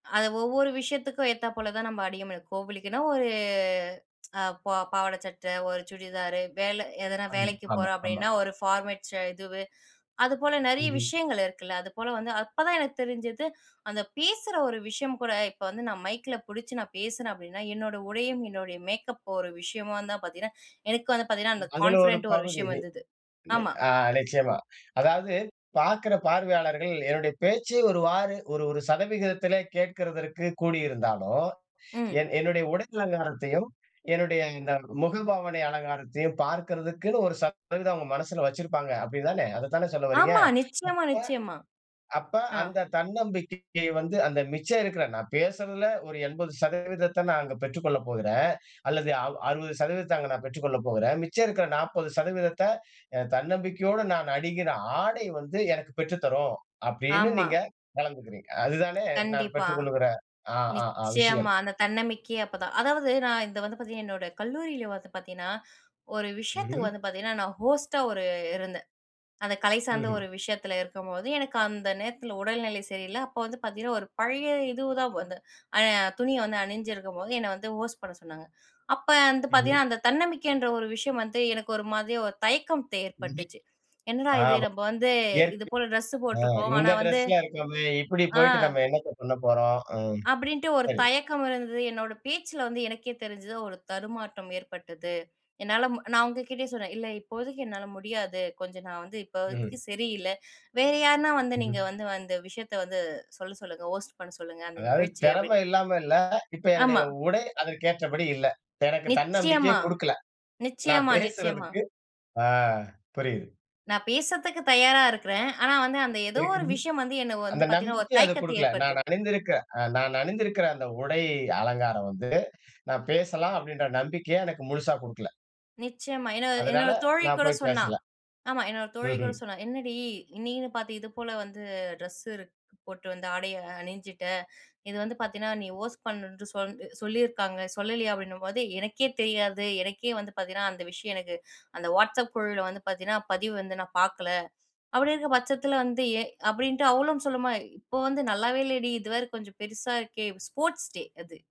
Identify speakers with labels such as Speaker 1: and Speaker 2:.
Speaker 1: அத ஒவ்வொரு விஷயத்துக்கும் ஏத்தாப் போல தான் நம்ம அணிய, கோவிலுக்குன்னா ஒரு அ ப பாவாடை சட்டை, ஒரு சுடிதார் வேலை எதனா
Speaker 2: அணி
Speaker 1: வேலைக்கு
Speaker 2: ஆமா,
Speaker 1: போறோம்
Speaker 2: ஆமா.
Speaker 1: அப்படின்னா ஒரு ஃபார்மல்ஸ் இது, அதுபோல நிறைய
Speaker 2: ம்ஹ்ம்.
Speaker 1: விஷயங்கள் இருக்குல்ல அது போல வந்து அப்போதான் எனக்கு தெரிஞ்சது, அந்த பேசுகிற ஒரு விஷயம் கூட, இப்போ வந்து நான் மைக்கில பிடிச்சு நான் பேசுறேன் அப்படின்னா என்னோட உடையும் என்னுடைய மேக்கப் ஒரு விஷயமா தான் பார்த்தீங்கன்னா எனக்கு வந்து பார்த்தீங்கன்னா அந்த
Speaker 2: அதில ஒரு
Speaker 1: கான்ஃபிடென்ட் ஒரு
Speaker 2: பகுதி.
Speaker 1: விஷயம்
Speaker 2: ஆ
Speaker 1: வந்தது.
Speaker 2: நி
Speaker 1: ஆமா.
Speaker 2: அ நிச்சயமா அதாவது பார்க்கற பார்வையாளர்கள் என்னுடைய பேச்சை ஒருவாறு ஒரு ஒரு சதவிகிதத்திலே கேட்கறதற்கு கூடியிருந்தாலும்.
Speaker 1: ம்.
Speaker 2: என் என்னுடைய உடல் அலங்காரத்தையும், என்னுடைய இந்த முகபாவனை அலங்காரத்தையும் பார்க்கறதுக்குன்னு ஒரு சதவீதம் அவங்க மனசில வச்சிருப்பாங்க. அப்படிதானே, அதை தானே சொல்ல வர்றீங்க.
Speaker 1: ஆமா.
Speaker 2: அப்ப
Speaker 1: நிச்சயமா, நிச்சயமா.
Speaker 2: அப்ப
Speaker 1: ஆ.
Speaker 2: அந்த தன்னம்பிக்கை வந்து அந்த மிச்சம் இருக்கிற, நான் பேசுறதுல ஒரு 80% நான் அங்க பெற்றுக் கொள்ளப் போகிறேன். அல்லது அ 60% அங்க நான் பெற்றுக் கொள்ளப் போகிறேன். மிச்சம் இருக்கிற 40% தன்னம்பிக்கையோடு நான் அணிகிற ஆடை வந்து எனக்கு பெற்றுத் தரும். அப்படின்னு
Speaker 1: ஆமா.
Speaker 2: நீங்க கலந்துக்கிறீங்க. அதுதானே நான்
Speaker 1: கண்டிப்பா.
Speaker 2: பெற்றுக் கொள்கிற ஆ ஆ ஆ விஷயம்.
Speaker 1: நிச்சயமா அந்த தன்னம்பிக்கையே அப்பதான் அதாவது நான் இது வந்து பார்த்தீங்கன்னா, என்னோட கல்லூரியில வந்து பார்த்தீங்கன்னா, ஒரு விஷயத்துக்கு
Speaker 2: ம்ஹ்ம்.
Speaker 1: வந்து பார்த்தீங்கன்னா நான் ஹோஸ்ட்டா ஒரு இருந்தேன். அந்த கலை சார்ந்த
Speaker 2: ம்ஹ்ம்.
Speaker 1: ஒரு விஷயத்தில இருக்கும்போது எனக்கு அந்த நேரத்தில உடல்நிலை சரியில்ல அப்போ வந்து பார்த்தீங்கன்னா, ஒரு பழைய இதுதான் வந்து அ துணி வந்து அணிஞ்சிருக்கும்போது என்னை வந்து ஹோஸ்ட் பண்ண சொன்னாங்க. அப்போ வந்து
Speaker 2: ம்ஹ்ம்.
Speaker 1: பார்த்திங்கன்னா, அந்த தன்னம்பிக்கைன்ற ஒரு விஷயம் வந்து எனக்கு ஒரு மாதிரி ஒரு தே தயக்கம்
Speaker 2: ம்.
Speaker 1: ஏற்பட்டுச்சு என்னடா
Speaker 2: ஆ
Speaker 1: இது நம்ம வந்து இது
Speaker 2: இயற்கை
Speaker 1: போல டிரெஸ்ஸு
Speaker 2: [unintelligible] "ஆ
Speaker 1: போட்ருக்கோம். ஆனா
Speaker 2: இந்த
Speaker 1: வந்து
Speaker 2: ட்ரெஸில இருக்கோமே இப்படி
Speaker 1: ஆ.
Speaker 2: போயிட்டு நம்ம என்னத்த பண்ண போறோம்?" அ
Speaker 1: அப்படின்னுட்டு ஒரு
Speaker 2: சரி.
Speaker 1: தயக்கம் இருந்தது. என்னோட பேச்சுல வந்து எனக்கே தெரிஞ்சது ஒரு தடுமாற்றம் ஏற்பட்டது. என்னால ம் நான் உங்ககிட்டயே சொன்னேன். "இல்ல இப்போதைக்கு என்னால முடியாது. கொஞ்சம் நா வந்து இப்ப
Speaker 2: ம்ஹ்ம்.
Speaker 1: சரியில்ல. வேற யாருனா வந்து நீங்க வந்து
Speaker 2: ம்.
Speaker 1: வந்து அந்த விஷயத்த வந்து சொல்ல சொல்லுங்க ஹோஸ்ட் பண்ண சொல்லுங்க அந்த
Speaker 2: அதாவது
Speaker 1: நிகழ்ச்சியை."
Speaker 2: திறமை
Speaker 1: அப்படின்னு
Speaker 2: இல்லாம இல்லை. இப்போ என்னுடைய
Speaker 1: ஆமா.
Speaker 2: உடை அதற்கு ஏற்றபடி இல்ல. எனக்கு தன்னம்பிக்கையே
Speaker 1: நிச்சயமா.
Speaker 2: குடுக்கல. நான்
Speaker 1: நிச்சயமா. நிச்சயமா.
Speaker 2: பேசுறதுக்கு ஆ புரியுது.
Speaker 1: நான் பேசுறதுக்கு தயாரா இருக்கறேன். ஆனா வந்து அந்த ஏதோ ஒரு விஷயம் வந்து
Speaker 2: [unintelligible]
Speaker 1: என்ன
Speaker 2: அந்த
Speaker 1: வந்து பாத்தீங்கன்னா ஒரு
Speaker 2: நம்பிக்கை அது
Speaker 1: தயக்கத்த
Speaker 2: குடுக்கல. நான்
Speaker 1: ஏற்படுத்துது.
Speaker 2: அணிந்திருக்கற அ நான் அணிந்திருக்கற அந்த உடையை அலங்காரம் வந்து நான் பேசலாம் அப்படின்ற நம்பிக்கைய எனக்கு முழுசா குடுக்கல.
Speaker 1: நிச்சயமா, என்னோட
Speaker 2: அதனால
Speaker 1: என்னோட தோழி
Speaker 2: நான்
Speaker 1: கூட
Speaker 2: போய்
Speaker 1: சொன்னா
Speaker 2: பேசல.
Speaker 1: ஆமா என்னோட தோழி கூட
Speaker 2: ம்ஹ்ம்.
Speaker 1: சொன்னா "என்னடி நீன்னு பார்த்து இது போல வந்து ட்ரெஸ்ஸு போட்டு வந்து ஆடையை அணிஞ்சிட்ட. இது வந்து பார்த்தீன்னா நீ ஹோஸ்ட் பண்ணுன்னு சொல் சொல்லியிருக்காங்க சொல்லலையா?" அப்படின்னும்போது "எனக்கே தெரியாது எனக்கே வந்து பார்த்தீங்கன்னா அந்த விஷயம் எனக்கு அந்த WhatsApp குழுவுல வந்து பார்த்தீங்கன்னா பதிவு வந்து நான் பார்க்கல." அப்படி இருக்கிற பட்சத்தில வந்து ஏன்? அப்படின்ட்டு அவ்வளும் சொல்லுமா இப்போ வந்து நல்லாவே இல்லடி இது வேற கொஞ்சம் பெருசா இருக்கே, ஸ்போர்ட்ஸ் டே அது.